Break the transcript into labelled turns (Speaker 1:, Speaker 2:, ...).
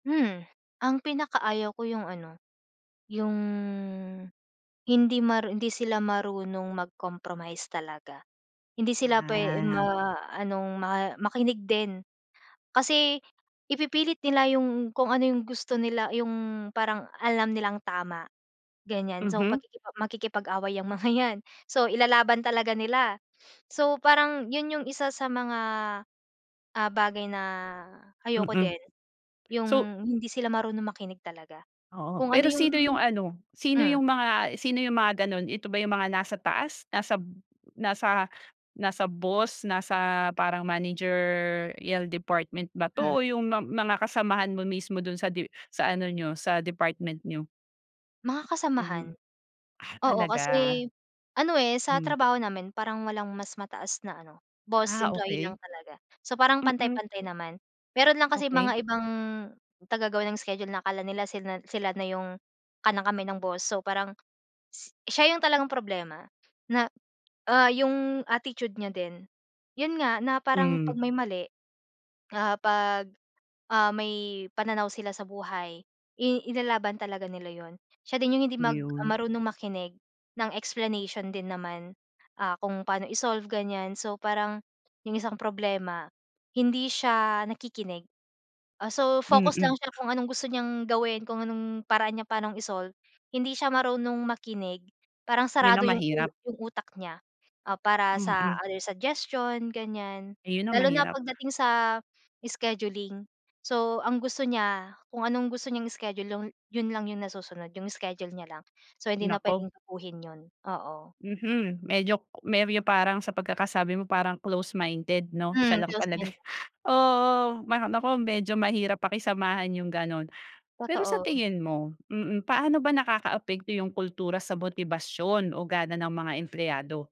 Speaker 1: Hmm. Ang pinakaayaw ko 'yong ano, 'yong hindi maru hindi sila marunong mag-compromise talaga. Hindi sila puwe
Speaker 2: Ah.
Speaker 1: ma anong ma makinig din. Kasi ipipilit nila 'yong kung ano 'yong gusto nila 'yong parang alam nilang tama, ganyan. So
Speaker 2: Mhm.
Speaker 1: pakiki makikipag-away 'yang mga 'yan. So, ilalaban talaga nila. So, parang 'yon 'yong isa sa mga, ah, bagay na ayoko
Speaker 2: Mm.
Speaker 1: din.
Speaker 2: So
Speaker 1: 'Yong hindi sila marunong makinig talaga,
Speaker 2: Oo,
Speaker 1: kung ano
Speaker 2: pero
Speaker 1: 'yong
Speaker 2: sino 'yong ano, sino 'yong
Speaker 1: hmm.
Speaker 2: mga sino 'yong mga gano'n? Ito ba 'yong mga nasa taas, nasa b nasa nasa boss, nasa parang managerial department ba 'to
Speaker 1: Hmm.
Speaker 2: o 'yong ma mga kasamahan mo mismo do'n sa de sa ano niyo, sa department niyo?
Speaker 1: Mga kasamahan.
Speaker 2: 'Yong ah
Speaker 1: Oo,
Speaker 2: talaga.
Speaker 1: kasi ano, eh, sa
Speaker 2: Hmm.
Speaker 1: trabaho namin parang walang mas mataas na ano, boss.
Speaker 2: Ah,
Speaker 1: Employee lang
Speaker 2: okey.
Speaker 1: talaga. So, parang
Speaker 2: Mm.
Speaker 1: pantay-pantay naman. Mayroon lang kasi
Speaker 2: Okey.
Speaker 1: mga ibang tagagawa ng schedule na akala nila sinan sila na 'yong kanang-kamay ng boss. So, parang s siya 'yong talagang problema, na, ah, 'yong attitude niya din. 'Yon nga, na parang
Speaker 2: Hmm.
Speaker 1: 'pag may mali, ah, 'pag, ah, may pananaw sila sa buhay, i ilalaban talaga nila 'yon. Siya din 'yong hindi mag
Speaker 2: Iyon.
Speaker 1: marunong makinig ng explanation din naman, ah, kung paano i-solve, ganyan. So, parang 'yong isang problema, hindi siya nakikinig. Ah, so, focus lang
Speaker 2: Mm.
Speaker 1: siya kung anong gusto niyang gawin, kung anong paraan niya pa'nong i-solve, hindi siya marunong makinig. Parang
Speaker 2: 'Yon
Speaker 1: sarado
Speaker 2: ang
Speaker 1: 'yong u
Speaker 2: mahirap.
Speaker 1: 'yong utak niya. Ah, para sa
Speaker 2: Mm.
Speaker 1: other suggestion ganyan.
Speaker 2: Eh, 'yon ang
Speaker 1: Lalo na
Speaker 2: mahirap.
Speaker 1: pagdating sa scheduling. So, ang gusto niya, kung anong gusto niyang schedule, lon 'yon lang 'yong nasusunod, 'yong schedule niya lang. So, hindi na
Speaker 2: Naku.
Speaker 1: puwedeng baguhin 'yon. Oo.
Speaker 2: Mhm. Medyo [unintelligible] 'yong parang sa pagkakasabi mo parang close minded, 'no? Siya
Speaker 1: Hmm,
Speaker 2: lang talaga.
Speaker 1: close-minded.
Speaker 2: Oo, ma naku medyo mahirap pakisamahan 'yong gano'n. Pero sa
Speaker 1: Totoo.
Speaker 2: tingin mo mm, paano ba nakakaapekto 'yong kultura sa motibasyon o gana ng mga empleyado?